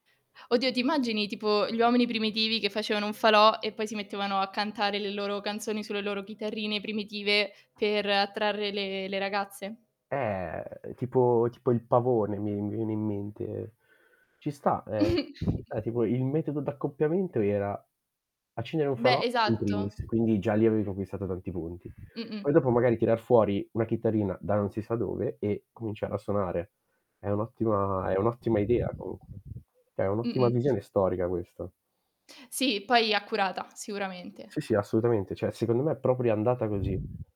Oddio, ti immagini tipo: gli uomini primitivi che facevano un falò e poi si mettevano a cantare le loro canzoni sulle loro chitarrine primitive per attrarre le le ragazze? Eh, tipo tipo il pavone mi mi viene in mente. Ci sta, e e ci sta. Tipo, il metodo d'accoppiamento era: accendere un falò Beh, in esatto. primis, quindi già lì avevo conquistato tanti punti. Poi Mh-mh. dopo magari tirar fuori una chitarrina, da non si sa dove, e cominciare a suonare. È un' ottima è un'ottima idea comunque. Cioè, è un'ottima Mh-mh. visione storica questa. Sì, poi accurata, Sì, sicuramente. sì, assolutamente. Cioè, secondo me è proprio andata così.